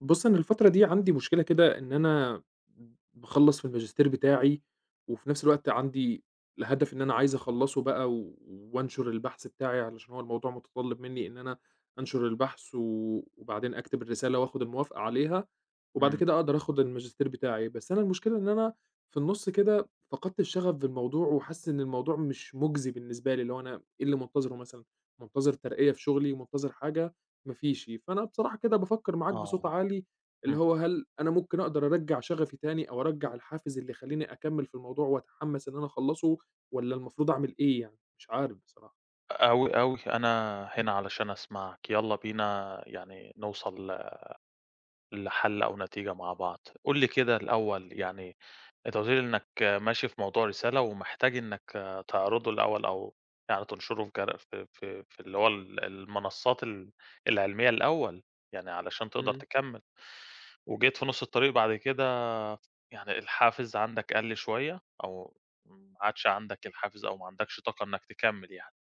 بُص أنا الفترة دي عندي مشكلة كده، إن أنا ب باخلص في الماجستير بتاعي، وفي نفس الوقت عندي الهدف إن أنا عايز أخلّصه بقى و وأنشُر البحث بتاعي علشان هو الموضوع مُتطلب منّي، إن أنا أنشُر البحث و وبعدين أكتب الرسالة وآخد الموافقة عليها، وبعد إمم. كده أقدر آخد الماجستير بتاعي، بس أنا المشكلة إن أنا في النُص كده فقدت الشغف بالموضوع وحاسس إن الموضوع مش مُجزي بالنسبة لي، اللي هو أنا إيه اللي منتظره مثلًا، منتظر ترقية في شغلي، منتظر حاجة؟ ما فيش. فأنا بصراحة كده بافكر معاك بصوت آه، عالي، اللي إمم. هو هل أنا ممكن أقدر أرجّع شغفي تاني أو أرجّع الحافز اللي يخلّيني أكمّل في الموضوع وأتحمس إن أنا أخلصه، والّا المفروض أعمل إيه يعني؟ مش عارف بصراحة. أوي، أوي. أنا هنا علشان أسمعك، يلّا بينا يعني نوصل لحل أو نتيجة مع بعض. قُل لي كده الأول، يعني أنت قُلت لي إنك ماشي في موضوع الرسالة ومحتاج إنك تعرضه الأول أو يعني تنشره في ك في في في اللي هو ال المنصات ال العلميّة الأول، يعني علشان تقدر إمم. تكمّل وجيت في نُص الطريق بعد كده يعني الحافز عندك قَل شوية أو ما عادش عندك الحافز أو ما عندكش طاقة إنك تكمّل يعني.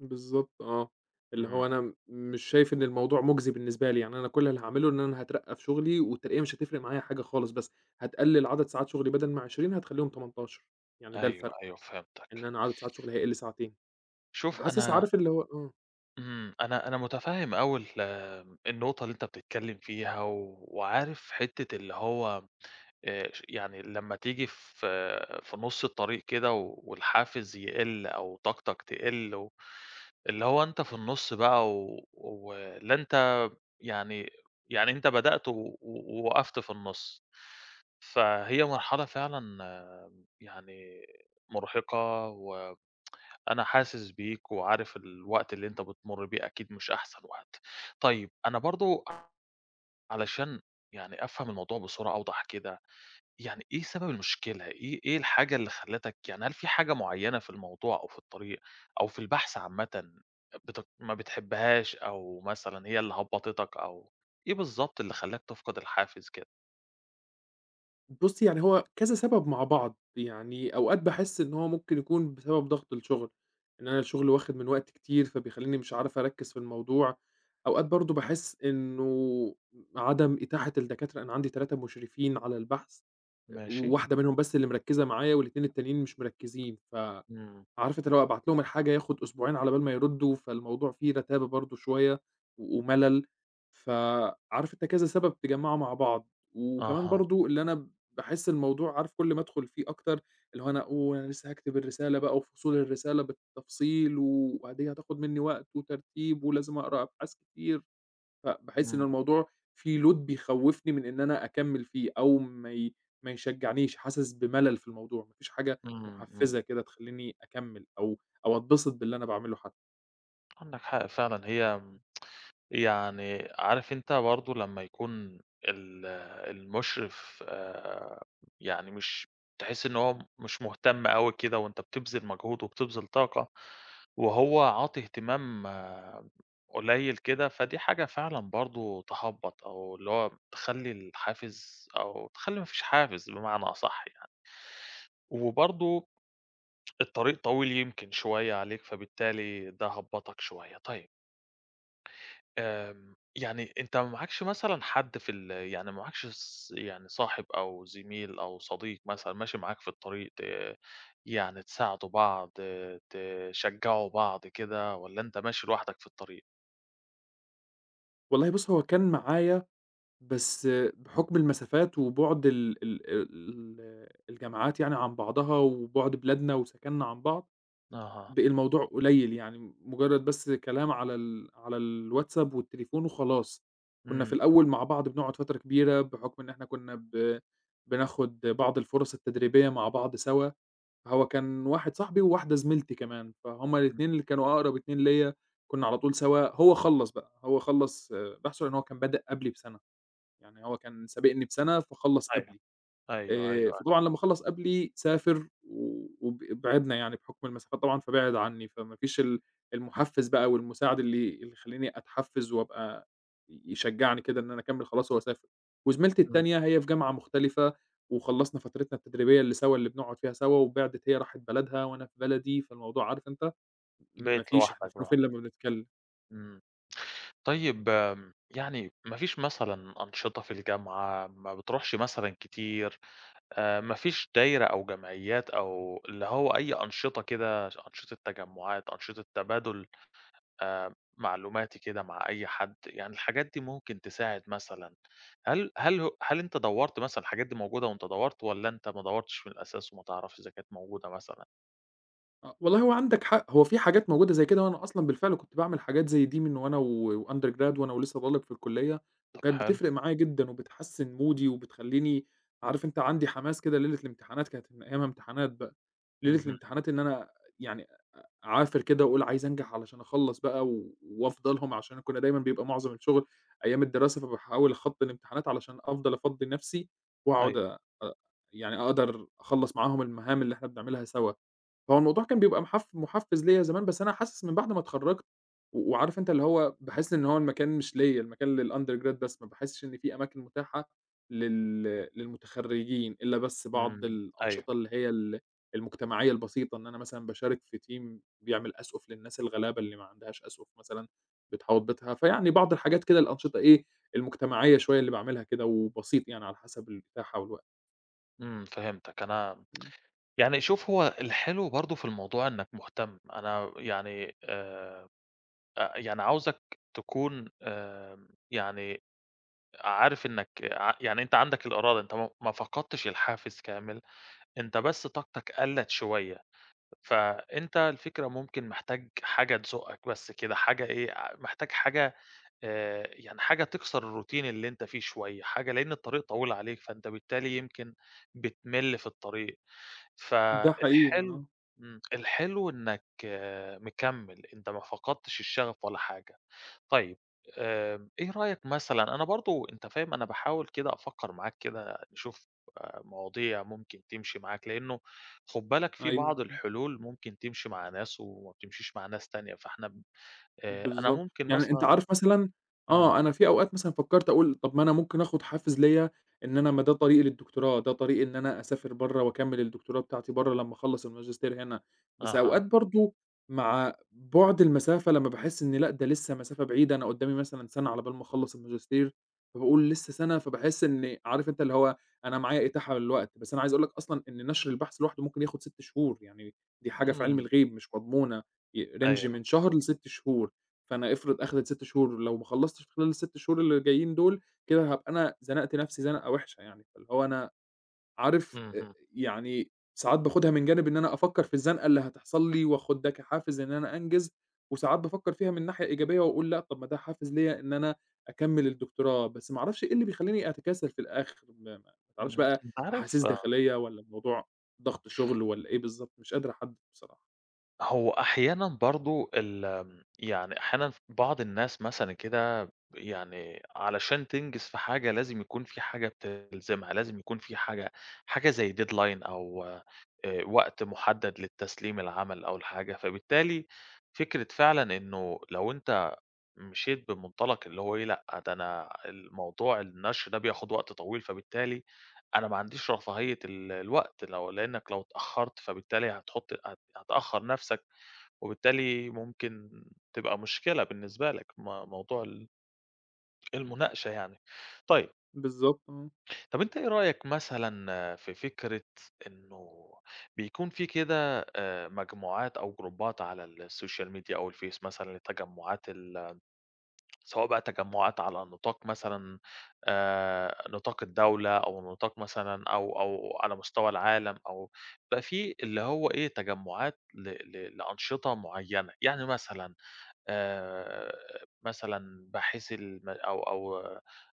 بالضبط آه، اللي إمم. هو أنا مش شايف إن الموضوع مُجزي بالنسبة لي، يعني أنا كلّ اللي هاعمله إن أنا هاترقّى في شُغلي، والترقية مش هتفرِق معايا حاجة خالص، بس هتقلِّل عدَد ساعات شُغلي بدَل ما 20 هتخليهم 18 يعني ده أيوI، الفرْق، أيوI، فهمتَك. إن أنا عدَد ساعات شُغلي هيقِل ساعتين، شوف فحاسس، أنا عارف اللي هو إمم. إمم، أنا أنا متفّهم أوي ال النقطة اللي أنت بتتكلّم فيها وعارف حِتّة اللي هو آآ ش يعني لمّا تيجي في في نُص الطريق كده والحافز يقِل أو طاقتك تقِل و اللي هو أنت في النُص بقى و ولا أنت يعني يعني أنت بدأت و و ووقَفت في النُص، فهي مرحلة فعلًا يعني مُرهِقة و أنا حاسس بيك وعارف الوقت اللي أنت بتمُر بيه أكيد مش أحسن وقت. طيب أنا برضه علشان يعني أفهَم الموضوع بصورة أوضَح كده، يعني إيه سبب المشكلة؟ إيه إيه الحاجة اللي خلّتك يعني هل فيه حاجة معيّنة في الموضوع أو في الطريق أو في البحث عامةً بت ما بتحبّهاش أو مثلًا هي اللي هبّطِتك أو إيه بالضبط اللي خلّاك تفقِد الحافز كده؟ بُص، يعني هو كذا سبب مع بعض. يعني أوقات باحِس إن هو ممكن يكون بسبب ضغط الشُغل، إن أنا الشُغل واخِد من وقتي كتير، فبيخلّيني مش عارف أركِّز في الموضوع. أوقات برضه باحِس إنه عدم إتاحة الدكاترة، أنا عندي 3 مُشرفين على البحث، آآ ماشي. وواحدة منهم بس اللي مركِّزة معايا وال2 التانيين مش مركِّزين، ف إمم. عارف أنت اللي هو أبعت لهم الحاجة ياخُد أسبوعين على بال ما يردّوا، فالموضوع فيه رَتابة برضه شوية ومَلَل، فعارف أنت كذا سبب اتجمّعوا مع بعض. وكمان أها. برضه اللي أنا باحِس الموضوع عارف كل ما أدخُل فيه أكتر، اللي هو أنا أقول أنا لسّه هاكتب الرسالة بقى وفصول الرسالة بالتفصيل وبعدين هتاخُد منّي وقت وترتيب ولازم أقرا أبحاث كتير، فباحِس إن إمم. الموضوع فيه load بيخوِّفني من إن أنا أكمّل فيه أو ما ي ما يشجّعنيش، حاسِس بمَلَل في الموضوع، ما فيش حاجة إمم، إمم. مُحفّزة كده تخلّيني أكمّل أو أو أتبسط باللي أنا باعمله حتّى. عندك حق فعلًا، هي يعني عارف أنت برضه لمّا يكون ال المُشرف يعني مش تحِس إن هو مش مهتم أوي كده وأنت بتبذِل مجهود وبتبذِل طاقة وهو عاطي اهتمام قليّل كده، فدي حاجة فعلًا برضه تهبَّط أو اللي هو تخلّي الحافز أو تخلّي ما فيش حافز بمعنى أصح يعني. وبرضه الطريق طويل يمكن شوية عليك، فبالتالي ده هبَّطك شوية. طيب آمم يعني أنت ما معاكش مثلًا حد في ال يعني ما معاكش ص يعني صاحب أو زميل أو صديق مثلًا ماشي معاك في الطريق، ت يعني تساعدوا بعض، تشجّعوا بعض كده والّا أنت ماشي لوحدك في الطريق؟ والله بص هو كان معايا، بس بحكم المسافات وبُعد ال ال الجامعات يعني عن بعضها وبُعد بلادنا وسكننا عن بعض أها. بقي الموضوع قليل، يعني مجرد بس كلام على ال على الWhatsApp والتليفون وخلاص. كنا في إمم. الأول مع بعض بنقعد فترة كبيرة بحكم إن إحنا كنا ب بناخد بعض الفرص التدريبية مع بعض سوا، هو كان واحد صاحبي وواحدة زميلتي كمان، فهم امم. الاتنين اللي كانوا أقرب اتنين ليّا، كنا على طول سوا، هو خلّص بقى، هو خّلص بحثه لأن هو كان بدأ قبلي بسنة، يعني هو كان سابقني بسنة فخلص أيوه، قبلي، أيوه، أيوه، آآ أيوه. فطبعًا لما خلص قبلي سافر و وب بعدنا يعني بحكم المسافات طبعًا، فبعد عني، فما فيش ال المحفز بقى والمساعد اللي اللي يخليني أتحفز وأبقى ي يشجعني كده إن أنا أكمل، خلاص هو سافر. وزميلتي إمم. التانية هي في جامعة مختلفة وخلصنا فترتنا التدريبية اللي سوا اللي بنقعد فيها سوا وبعدِت، هي راحت بلدها وأنا في بلدي، فالموضوع عارف أنت ما بقيت فيش، إحنا لوحدك فين بقى. وفين لما بنتكلم. إمم، إمم. طيب آمم يعني ما فيش مثلًا أنشطة في الجامعة، ما بتروحش مثلًا كتير، آآ ما فيش دايرة أو جمعيات أو اللي هو أي أنشطة كده ش أنشطة تجمعات، أنشطة تبادل آآ معلوماتي كده مع أي حد، يعني الحاجات دي ممكن تساعد مثلًا هل هل هو هل أنت دوّرت مثلًا؟ الحاجات دي موجودة أنت دوّرت، والّا أنت ما دوّرتش من الأساس وما تعرفش إذا كانت موجودة مثلًا؟ آه، والله هو عندك حق، هو في حاجات موجودة زي كده وأنا أصلًا بالفِعل كنت باعمل حاجات زي دي من وأنا و وUndergrad وأنا ولسه باقول لك في الكليّة طَب وكانت حلو. بتفرِق معايا جدًا وبتحسِّن مودي وبتخلّيني عارف أنت، عندي حماس كده ليلة الامتحانات كانت من أيامها امتحانات بقى، ليلة اهم. الامتحانات إن أنا يعني أ أعافِر كده وأقول عايز أنجَح علشان اخلّص بقى و وأفضى لهم علشان كنّا دايمًا بيبقى مُعظَم الشُغل أيام الدراسة فباحاول أخطّي الامتحانات علشان أفضَل أفضّي نَفسي وأقعُد أيوه. أ أ يعني أقدَر أخلّص معاهم المهام اللي إحنا بنعملها سوا، هو الموضوع كان بيبقى محف محفّز ليَّ زمان، بس أنا حاسس من بَعد ما اتخرّجت و وعارف أنت، اللي هو باحس إن هو المكان مش ليَّ المكان للundergrad بس ما باحسّش إن في أماكن مُتاحة لل للمُتخرّجين إلّا بس بعض إمم. أيوه. الأنشطة اللي هي ال المُجتمعيّة البسيطة، إن أنا مثلًا باشارك في team بيعمل أسقُف للناس الغلابة اللي ما عندهاش أسقُف مثلًا بتحاوط بيتها، فيعني بعض الحاجات كده الأنشطة إيه، المُجتمعيّة شوية اللي باعملها كده وبسيط يعني على حسب الإتاحة والوقت. إمم، فهِمتك، أنا إمم. يعني شوف، هو الحلو برضه في الموضوع إنك مُهتَم أنا ويعني آمم، أ يعني عاوزك تكون آمم، يعني عارف إنك ع يعني أنت عندك الإرادة، أنت م ما فقَدتش الحافِز كامل، أنت بس طاقتك قَلّت شوية، فأنت الفكرة ممكن محتاج حاجة تزُقّك بس كده حاجة إيه، أ محتاج حاجة آآ، يعني حاجة تكسَر الroutine اللي أنت فيه شوية حاجة لإن الطريق طويلة عليك فأنت بالتالي يمكن بتمِل في الطريق، ده حقيقي. فالحلو آه. إمم، الحلو إنك مكمِّل، أنت ما فقَدتش الشغف ولا حاجة. طيب آمم، إيه رأيك مثلًا، أنا برضه أنت فاهم أنا باحاول كده أفكّر معاك كده نشوف آآ مواضيع ممكن تمشِي معاك لإنه خُد بالك في بعض أيوه. امم. الحلول ممكن تمشِي مع ناس وما بتمشيش مع ناس تانية، فاحنا ب آآ أنا بالضبط. ممكن يعني أنت مثلًا عارف مثلًا إمم. آه، أنا في أوقات مثلًا فكّرت أقول، طَب ما أنا ممكن آخُد حافز ليَّ إن أنا ما ده طريقي للدكتوراه، ده طريقي إن أنا أسافر برّه وأكمّل الدكتوراه بتاعتي برّه لمّا أخلّص الماجستير هنا، بس أها. أوقات برضه مع بُعد المسافة لمّا باحس إن لأ، ده لسه مسافة بعيدة، أنا قُدّامي مثلًا سَنة على بال ما أخلّص الماجستير، فباقول لسه سَنة، فباحس إنّي عارف أنت اللي هو أنا معايا إتاحة للوقت، بس أنا عايز أقول لك أصلًا إن نشْر البحث لوحده ممكن ياخد 6 شهور، يعني دي حاجة في عِلم إمم. الغيب مش مضمونة ي range أيوه. من شهر ل6 شهور، فأنا إفرِض أخدْت 6 شهور لو ما خلّصتش في خلال ال6 شهور اللي جايّين دُول كده هابقى أنا زنَقت نَفسي زنقة وِحشة يعني، فاللي هو أنا عارف أ أ اهم. يعني ساعات باخدها من جانب إن أنا أفكّر في الزنقة اللي هتحصَل لي وآخُد ده كحافز إن أنا أنجِز وساعات بافكّر فيها من ناحية إيجابية وأقول لأ، طَب ما ده حافز ليَّ إن أنا أكمّل الدكتوراه، بس ما أعرفش إيه اللي بيخلّيني أتكاسل في الآخِر، ما ما ما باعرَفش إمم. بقى أنت عارف أحاسيس داخليّة والّا الموضوع ضغْط شُغل والّا إيه بالضبط، مش قادر أحدّد بصراحة. هو أحيانًا برضه الم يعني أحيانًا ف بعض الناس مثلًا كده ب يعني علشان تنجِز في حاجة، لازم يكون في حاجة بتلزمها، لازم يكون في حاجة حاجة زي deadline أو آآ وقت مُحدَّد للتسليم العمل أو الحاجة، فبالتالي فكرة فعلًا إنه لو أنت مشيت بمُنطلق اللي هو إيه، لأ، ده أنا الموضوع النشر ده بياخُد وقت طويل، فبالتالي أنا ما عنديش رفاهية ال الوقت، لو لإنّك لو اتأخَّرت، فبالتالي هتحُط هت هتأخّر نَفْسك، وبالتالي ممكن تبقى مشكلة بالنسبة لك، م موضوع ال المناقشة يعني. طيب بالضبط، آه. طَب أنت إيه رأيك مثلًا في فكرة إنه بيكون في كده آآ مجموعات أو جروبّات على السوشيال ميديا أو الفيس مثلًا للتجمُّعات ال سواء بقى تجمُّعات على نطاق مثلًا آآ نطاق الدولة أو نطاق مثلًا أو أو على مستوى العالم أو بقى في اللي هو إيه، تجمُّعات ل ل لأنشطة معيّنة؟ يعني مثلًا آآ مثلًا باحثي الم أو أو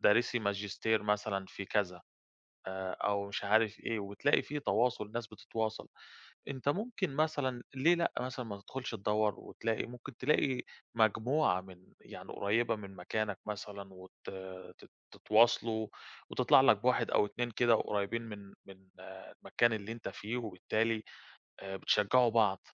دارِسي ماجستير مثلًا في كذا آآ أو مش عارف إيه، وتلاقي في تواصل، ناس بتتواصل. أنت ممكن مثلًا ليه لأ مثلًا ما تدخُلش تدَوّر وتلاقي؟ ممكن تلاقي مجموعة من يعني قُريبة من مكانك مثلًا وت ت تتواصلوا، وتطلع لك بواحد أو 2 كده قريّبين من من المكان اللي أنت فيه، وبالتالي آآ بتشجّعوا بعض.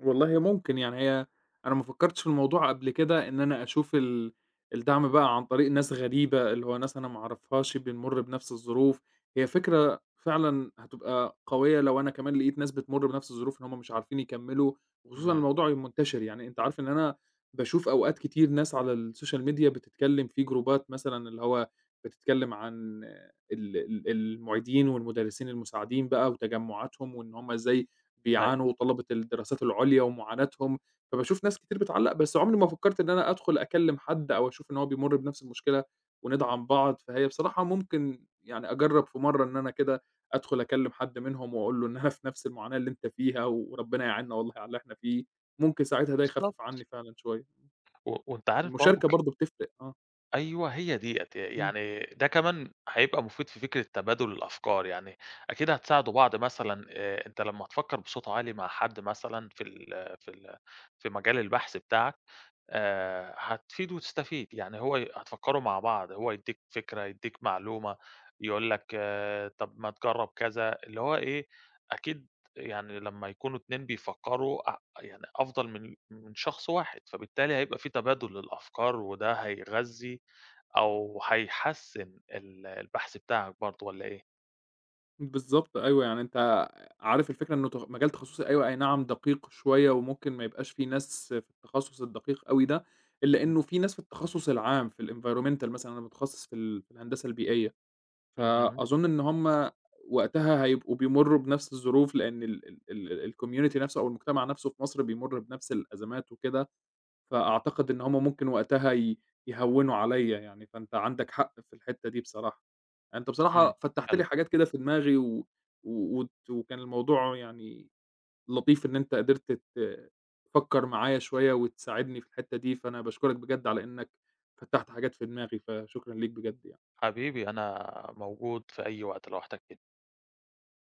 والله ممكن يعني هي أنا ما فكرتش في الموضوع قبل كده، إن أنا أشوف ال الدعم بقى عن طريق ناس غريبة، اللي هو ناس أنا ما أعرفهاش بنمُر بنفس الظروف، هي فكرة، فعلًا هتبقى قوية لو أنا كمان لقيت ناس بتمُر بنفس الظروف، إن هُم مش عارفين يكملّوا، وخصوصًا إمم. الموضوع يبقى منتشر يعني، أنت عارف إن أنا باشوف أوقات كتير ناس على الsocial media بتتكلم في جروبات مثلًا اللي هو بتتكلم عن ال ال المعيدين والمدرسين المساعدين بقى وتجمعاتهم، وإن هُم إزاي أيوه. بيعانوا، وطلبة الدراسات العليا ومعاناتهم، فباشوف ناس كتير بتعلّق، بس عمري ما فكّرت إن أنا أدخل أكلم حدّ أو أشوف إن هو بيمُرّ بنفس المشكلة، وندعم بعض، فهي بصراحة ممكن يعني أجَرّب في مرة إن أنا كده، أدخل أكلم حد منهم وأقول له إن أنا في نفس المعاناة اللي أنت فيها وربنا يعينّا والله على اللي إحنا فيه. ممكن ساعتها ده يخفف بالضبط. عني فعلًا شوية. و وأنت عارف برضه المشاركة ك برضه بتفرِق. آه. أيوة، هي ديّة ي إمم. يعني ده كمان هيبقى مفيد في فكرة تبادل الأفكار يعني، أكيد هتساعدوا بعض مثلًا آآ أنت لما تفكر بصوت عالي مع حد مثلًا في ال في ال في مجال البحث بتاعك آآ هتفيد وتستفيد، يعني هو ي هتفكّروا مع بعض، هو يدّيك فكرة، يدّيك معلومة، يقول لك آآ طَب ما تجرّب كذا، اللي هو إيه، أكيد يعني لمّا يكونوا اتنين بيفكّروا أ يعني أفضل من من شخص واحد، فبالتالي هيبقى فيه تبادل للأفكار وده هيغذي أو هيحسّن ال البحث بتاعك برضه، والّا إيه؟ بالضبط، أيوه، يعني أنت عارف الفكرة إنه تخ مجال تخصُّصي أيوة أينعم دقيق شوية، وممكن ما يبقاش فيه ناس في التخصص الدقيق أوي ده، إلا إمم. إنه فيه ناس في التخصص العام، في الenvironmental مثلًا، أنا متخصص في ال في الهندسة البيئية. اهم. فأظن إن هُم وقتها هيبقوا بيمُرّوا بنفس الظروف لأن ال ال ال الcommunity نفسه أو المجتمع نفسه في مصر بيمُرّ بنفس الأزمات وكده، فأعتقد إن هُم ممكن وقتها ي يهوِّنوا عليَّ يعني، فانت عندك حق في الحِتّة دي بصراحة، يعني أنت إمم، بصراحة فتّحت حلو. لي حاجات كده في دماغي، و و وت وكان الموضوع يعني لطيف إن أنت قدرت ت تفكّر معايا شوية وتساعدني في الحِتّة دي، فأنا باشكرك بجد على إنّك فتّحت حاجات في دماغي، فشكرًا ليك بجد يعني. حبيبي، أنا موجود في أي وقت لو احتجتني.